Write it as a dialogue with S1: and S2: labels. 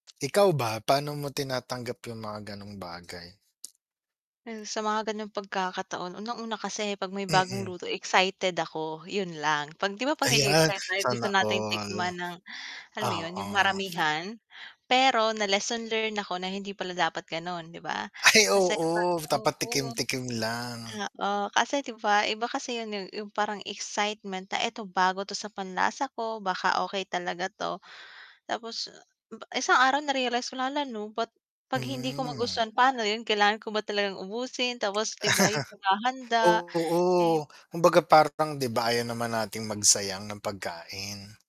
S1: Ikaw ba paano mo tinatanggap 'yung mga gano'ng bagay?
S2: 'Yan sa mga gano'ng pagkakataon unang-una kasi 'pag may bagong
S1: Mm.
S2: luto excited ako, 'yun lang. 'Pag 'di ba 'pag
S1: Ayan
S2: na-e-excite tayo gusto
S1: sana
S2: nating
S1: all.
S2: tikman ng, alam mo 'yun, 'yung
S1: Oo.
S2: maramihan. Pero na-lesson learn ako na hindi pala dapat gano'n, 'di ba?
S1: Ay
S2: Kasi 'di ba
S1: oo, dapat
S2: oo.
S1: tikim-tikim lang.
S2: Oo, kasi 'di ba iba kasi 'yun 'yung 'yung parang excitement na eto bago ito sa panlasa ko, baka okey talaga 'to. Tapos, isang araw na-realize ko lang, hala 'no ba't 'pag hindi ko
S1: Hmm.
S2: magustuhan paano 'yun, kailangan ko ba talagang ubusin tapos 'di ba 'yung paghahanda, eh
S1: Oo, kumbaga part ng 'di ba ayaw naman nating magsayang ng pagkain.